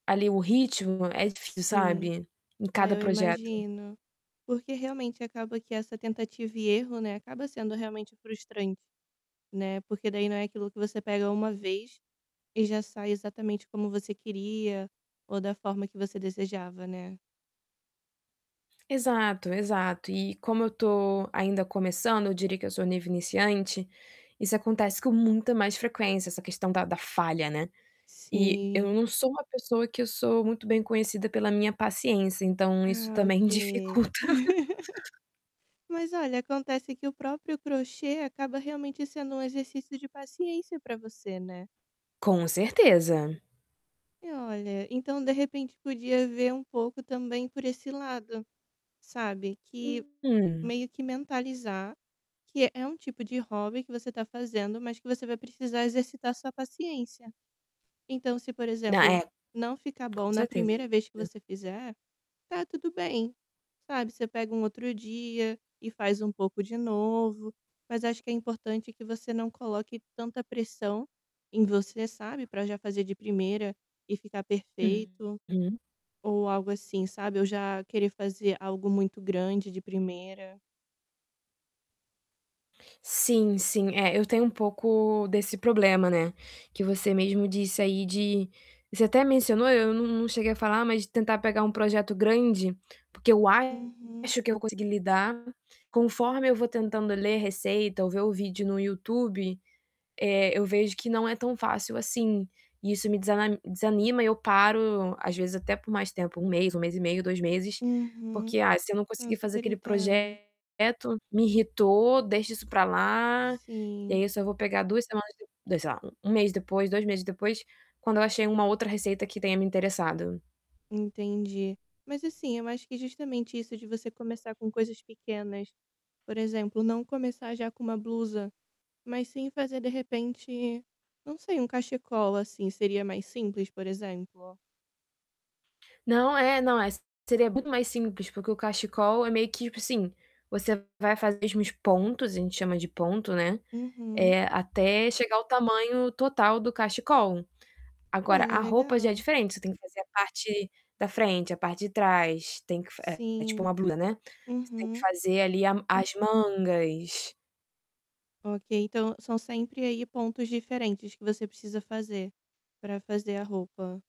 Ali o ritmo é difícil, Sim. sabe. Em Ai, cada eu projeto. imagino, porque, realmente, acaba que essa tentativa e erro, né, acaba sendo realmente frustrante, né, porque daí não é aquilo que você pega 1 vez e já sai exatamente como você queria ou da forma que você desejava, né. Exato, exato e como eu tô ainda começando, eu diria que eu sou nível iniciante, isso acontece com muita mais frequência, essa questão da da falha, né, e, eu Sim. não sou uma pessoa que eu sou muito bem conhecida pela minha paciência, então, isso Ah, também ok. dificulta. Mas, olha, acontece que o próprio crochê acaba, realmente, sendo um exercício de paciência para você, né. Com certeza. E olha, então, de repente, podia ver um pouco também por esse lado, sabe, que Uhum. meio que mentalizar, que é um tipo de hobby que você está fazendo, mas que você vai precisar exercitar sua paciência. Então se, por Na exemplo, é. não ficar bom Com na certeza. 1ª vez que você fizer, tá tudo bem, sabe, você pega um outro dia e faz um pouco de novo, mas acho que é importante que você não coloque tanta pressão em você, sabe, pra já fazer de primeira e ficar perfeito, Uhum. ou algo assim, sabe, ou já querer fazer algo muito grande de primeira. Sim, sim. É, eu tenho um pouco desse problema, né, que você mesmo disse aí de você até mencionou eu não não cheguei a falar, mas tentar pegar um projeto grande, porque eu Uhum. acho que eu consegui lidar. Conforme eu vou tentando ler receita ou ver o vídeo no YouTube, eh, eu vejo que não é tão fácil assim, e isso me desana desanima, eu paro, às vezes até por mais tempo, 1 mês, 1 mês e meio, 2 meses, Uhum. porque, ah, se eu não Eu conseguir fazer super aquele entendo. projeto, me irritou, deixa isso para lá, e Sim. aí eu só vou pegar 2 semanas e eu, daí, sei lá, 1 mês depois, 2 meses depois, quando eu achei uma outra receita que tenha me interessado. Entendi. Mas assim, eu acho que justamente isso de você começar com coisas pequenas, por exemplo, não começar já com uma blusa, mas sim fazer, de repente, não sei, um cachecol assim seria mais simples, por exemplo? Não. É. Não, é seria muito mais simples, porque o cachecol é meio que, tipo assim, você vai fazer os mesmos pontos, a gente chama de ponto, né, Uhum. eh, até chegar ao tamanho total do cachecol. Agora, Olha, a roupa já é legal. diferente, você tem que fazer a parte da frente, a parte de trás, tem que fa é, é tipo uma Sim. blusa, né, você tem que Uhum. fazer, ali, a as mangas. Ok, então, são sempre, aí, pontos diferentes que você precisa fazer, para fazer a roupa